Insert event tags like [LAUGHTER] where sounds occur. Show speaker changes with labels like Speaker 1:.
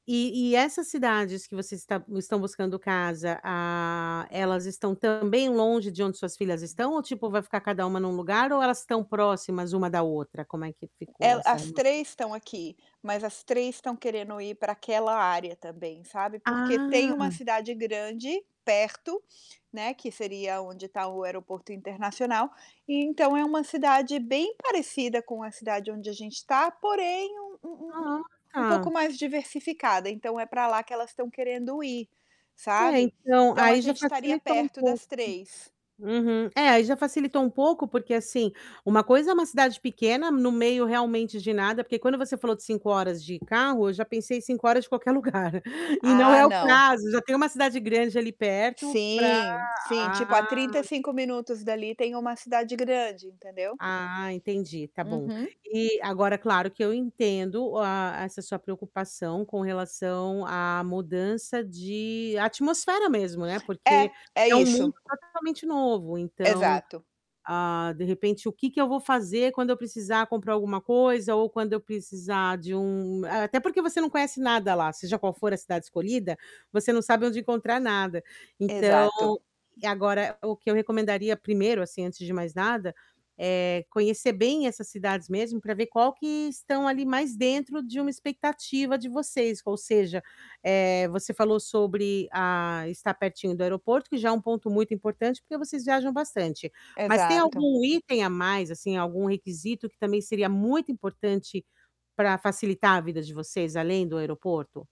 Speaker 1: E e essas cidades que você está estão buscando casa, ah, elas estão também longe de onde suas filhas estão ou, tipo, vai ficar cada uma num lugar ou elas tão próximas uma da outra? Como é que
Speaker 2: É,
Speaker 1: ficou essa
Speaker 2: as
Speaker 1: [UNINTELLIGIBLE]
Speaker 2: 3 estão aqui, mas as 3 estão querendo ir para aquela área também, sabe. Porque tem uma
Speaker 1: Ah.
Speaker 2: cidade grande perto, né, que seria onde tá o aeroporto internacional, e então é uma cidade bem parecida com a cidade onde a gente tá, porém um um um um
Speaker 1: Ah,
Speaker 2: um pouco
Speaker 1: tá.
Speaker 2: mais diversificada. Então é pra lá que elas tão querendo ir,
Speaker 1: É,
Speaker 2: sabe.
Speaker 1: então
Speaker 2: Então a
Speaker 1: aí já
Speaker 2: gente estaria
Speaker 1: facilitou um
Speaker 2: perto
Speaker 1: pouco.
Speaker 2: das 3.
Speaker 1: Uhum. É, aí já facilitou um pouco porque, assim, uma coisa é uma cidade pequena no meio realmente de nada, porque quando você falou de 5 horas de carro, eu já pensei em 5 horas de qualquer lugar e não
Speaker 2: Ah,
Speaker 1: é o
Speaker 2: não.
Speaker 1: caso, já tem uma cidade grande ali perto pra
Speaker 2: Sim, sim. Tipo, a
Speaker 1: ah.
Speaker 2: 35 minutos dali tem uma cidade grande, entendeu?
Speaker 1: Ah, entendi, tá bom.
Speaker 2: Uhum.
Speaker 1: E agora, claro que eu entendo o a essa sua preocupação com relação à mudança de atmosfera mesmo, né,
Speaker 2: É,
Speaker 1: porque
Speaker 2: é
Speaker 1: é um
Speaker 2: isso.
Speaker 1: mundo totalmente novo. Então,
Speaker 2: Exato.
Speaker 1: ah, de repente, o que que eu vou fazer quando eu precisar comprar alguma coisa ou quando eu precisar de um eh, até porque você não conhece nada lá, seja qual for a cidade escolhida, você não sabe onde encontrar nada. Então
Speaker 2: Exato.
Speaker 1: e agora o que eu recomendaria 1º, assim, antes de mais nada, eh, conhecer bem essas cidades mesmo pra ver qual que estão ali mais dentro de uma expectativa de vocês, ou seja, eh, você falou sobre, ah, estar pertinho do aeroporto que já é um ponto muito importante, porque vocês viajam bastante. Mas tem
Speaker 2: Exato.
Speaker 1: algum item a mais, assim, algum requisito que também seria muito importante pra facilitar a vida de vocês, além do aeroporto?